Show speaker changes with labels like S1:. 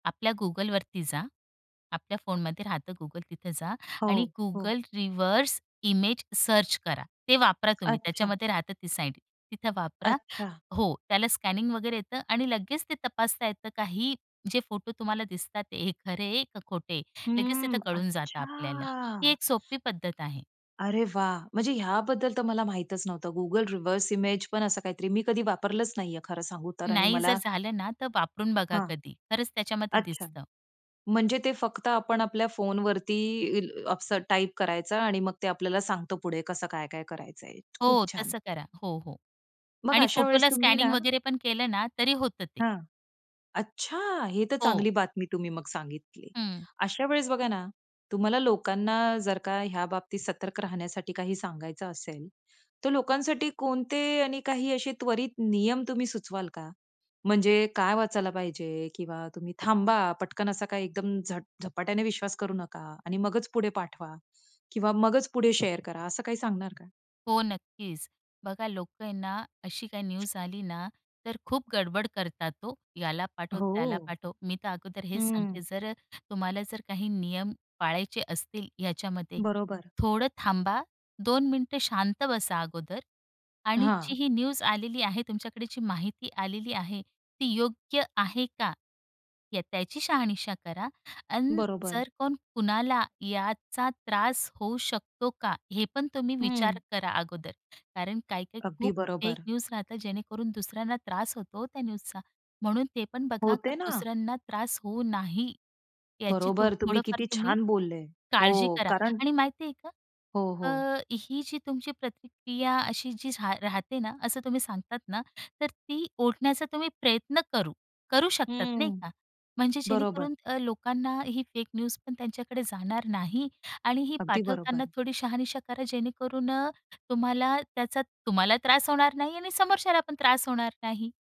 S1: आपल्या Googleवरती जा. आपल्या फोनमध्ये राहतं Google तिथे जा. आणि
S2: हो. हो.
S1: Google रिव्हर्स इमेज सर्च करा. ते वापरा तुम्ही
S2: अच्छा.
S1: त्याच्यामध्ये राहतं ती साईट. तिथं वापरा
S2: अच्छा.
S1: हो, त्याला स्कॅनिंग वगैरे येतं आणि लगेच ते तपासता येतं काहीही जे फोटो तुम्हाला दिसतात हे खरे आहे का खोटे आहे. लगेच तिथं
S2: हम्म.
S1: कळून जातं आपल्याला ही
S2: अच्छा!
S1: एक सोपी पद्धत आहे.
S2: अरे वाह! म्हणजे ह्याबद्दल तर मला माहीतच नव्हतं. Google रिव्हर्स इमेज पण असं काहीतरी मी कधी वापरलंच नाहीये खरं सांगू तर आणि
S1: नाही जर
S2: मला
S1: झालं ना, तर वापरून बघा
S2: हां.
S1: कधी. खरंच त्याच्यामध्ये
S2: अच्छा.
S1: दिसतं.
S2: म्हणजे ते फक्त आपण आपल्या फोनवरती असं टाइप करायचा आणि मग ते आपल्याला सांगत पुढे कसं काय-काय करायचंय. खूप
S1: हो
S2: छान.
S1: तसं करा हो, हो.
S2: मग
S1: आणि
S2: अशा वेळेस
S1: फोटोला
S2: तुम्ही
S1: स्कॅनिंग
S2: ना
S1: वगैरे पण केलं ना तरी होतं ते.
S2: हां. अच्छा! हे तर
S1: हो.
S2: चांगली बातमी तुम्ही मग सांगितली.
S1: हं.
S2: अशा वेळेस बघा ना, तुम्हाला लोकांना जर का ह्या बाबतीत सतर्क राहण्यासाठी काही सांगायचं असेल. तर लोकांसाठी कोणते आणि काही असे त्वरित नियम तुम्ही सुचवाल का? म्हणजे काय वाचायला पाहिजे किंवा तुम्ही थांबा पटकन असा काय एकदम झ झपाट्याने विश्वास करू नका. आणि मगच पुढे पाठवा किंवा मगच पुढे शेअर करा असं काही सांगणार का?
S1: हो नक्कीच. बघा लोकं आहे ना, अशी काही न्यूज आली ना तर खूप गडबड करतात हो. याला पाठव, त्याला
S2: हो.
S1: पाठव, मी तर अगोदर हेच सांगते
S2: हम्म.
S1: जर तुम्हाला जर काही नियम पाळायचे असतील याच्यामध्ये.
S2: बरोबर.
S1: थोडं थांबा, 2 मिनिटं शांत बसा अगोदर आणि जी
S2: हां.
S1: ही न्यूज आलेली आहे तुमच्याकडे जी माहिती आलेली आहे ती योग्य आहे का या त्याची शहानिशा करा आणि
S2: बरोबर.
S1: जर कोण कुणाला याचा त्रास होऊ शकतो का? हे पण तुम्ही विचार
S2: हं.
S1: करा अगोदर. कारण काही-काही
S2: अगदी
S1: खूप फेक
S2: बरोबर.
S1: न्यूज राहतात जेणेकरून दुसऱ्यांना त्रास होतो त्या न्यूजचा. म्हणून ते पण बघा
S2: हो,
S1: का
S2: ते ना.
S1: दुसऱ्यांना त्रास होऊ नाही. याची तूम
S2: बरोबर. तुम्ही
S1: थोडंफार
S2: किती
S1: तुम्ही
S2: छान बोलले.
S1: काळजी
S2: हो
S1: करा.
S2: कारण
S1: आणि माहिती आहे का?
S2: हो, हो.
S1: अ, ही जी तुमची प्रतिक्रिया अशी जी झा राहते ना, असं तुम्ही सांगतात ना. तर ती ओढण्याचा तुम्ही प्रयत्न करू करू शकतात नाही
S2: हम्म.
S1: का? म्हणजे
S2: बरोबर.
S1: जेणेकरून अ, लोकांना ही फेक न्यूजपण त्यांच्याकडे जाणार नाही. आणि ही
S2: अगदी
S1: पाठवताना
S2: बरोबर.
S1: थोडी शहानिशा करा जेणेकरून अ, तुम्हाला त्याचा तुम्हाला त्रास होणार नाही आणि समोरच्याला पण त्रास होणार नाही.